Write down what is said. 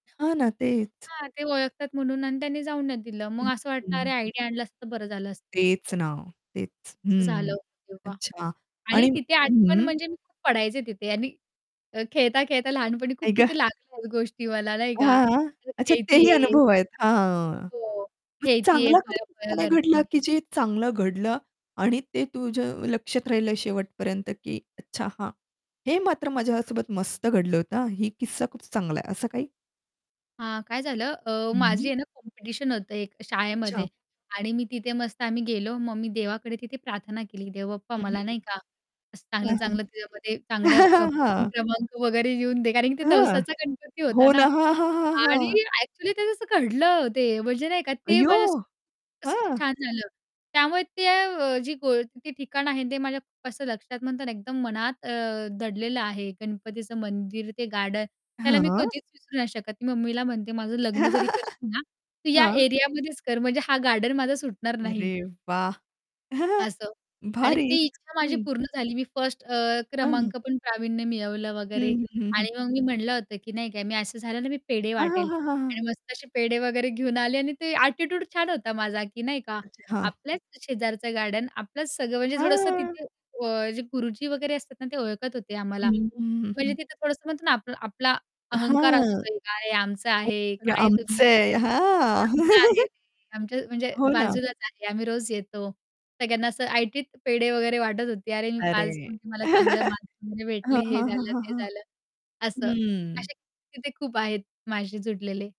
हां ना. तेच. हां, ते ओळखतात म्हणून आणि त्यांनी जाऊन नाही दिलं. मग हं, असं वाटलं, "अरे हं. आयडी आणला असता तर बरं झालं असतं." तेच ना, तेच. असं झालं हं. होतं तेव्हा. अच्छा आणि आणि तिथे आजपण हं. म्हणजे, मी खूप पडायचे तिथे आणि अ, खेळता, खेळता लहानपणी खूप आई ग! तिथे लागल्या गोष्टी मला नाही का हां, हां. मी तिथे अच्छा तेही खेळतीये अनुभव आहेत, हां. हो मग खेळती आहे. चांगला पळ-पळ [unintelligible] भेटलं करतेय. की जे चांगलं घडलं आणि ते तुझ्या लक्षात राहिलं शेवट पर्यंत, की "अच्छा हां. हे मात्र माझ्या सोबत मस्त घडलं होतं, हां. ही किस्सा खूप चांगला आहे." असं काही? हां, काय झालं अ, माझी हं. आहे ना कॉम्पिटिशन होतं एक अच्छा. शाळेमध्ये आणि मी तिथे मस्त आम्ही गेलो, मग मी देवाकडे तिथे प्रार्थना केली, "देवबाप्पा हं, मला नाही का असं चांगलं, हं, हं. चांगलं तिच्यामध्ये हं, हं. चांगल्या प प्रथम हां. क्रमांक वगैरे येऊन दे." कारण ते हं. नवसाचा गणपती हो होता ना, ना, हां, हां, हां, हां. आणि ॲक्चुअली ते तस घडलं ते म्हणजे, नाही का ते अय्यो! माझ्या असं असं हं? छान झालं. त्यामुळे ते अ, जी ओळखीचे ते ठिकाण आहे ते माझ्या असं लक्षात म्हणतात ना एकदम मनात अ, दडलेलं आहे गणपतीचं मंदिर, ते गार्डन त्याला मी हां. कधीच विसरू नाही शकत ती मम्मीला म्हणते. "माझं लग्न जरी करशील ना, तू या हां. एरियामध्येच कर म्हणजे हा गार्डन माझा सुटणार नाही". अरे वाह! असं. आणि भारीच, ती इच्छा माझी हं. पूर्ण झाली मी फर्स्ट अ, हं. हं. क्रमांक पण प्रावीण्य मिळवलं वगैरे हं, हं, हं, हं. आणि मग मी म्हटलं होतं, की नाही का मी असं झालं ना मी पेढे हां, हां, वाटेल हां, हां, हां. आणि मस्त असे पेढे वगैरे घेऊन आले आणि ते ॲटिट्यूड छान होता माझा, की नाही का अच्छा हां. आपल्याच शेजारचं गार्डन, आपलंच सगळं म्हणजे थोडंसं हां. तिथे अ, जे गुरुजी वगैरे असतात ना ते ओळखत होते आम्हाला. हं, हं, म्हणजे हं. तिथं थोडंसं म्हणतो ना, आपला आपला अहंकार हां. असतो एक, आहे आमचं [unintelligible] आहे. काय तुम्ही आमचं आहे. काय वगैरे? हां. आमचं आहे ते, आमच्या म्हणजे हो ना. बाजूलाच आहे, आम्ही रोज येतो. सगळ्यांना असं ऐटीत पेढे वगैरे वाटत होती, "अरे मी पास अरे. झाले. मला चांगले मार्क्स वगैरे भेटले, हं, हे हं, हं, झालं, हं, ते हं. झालं." असं. हम्म. असे तिथे खूप आहेत माझ्याशी जुडलेले.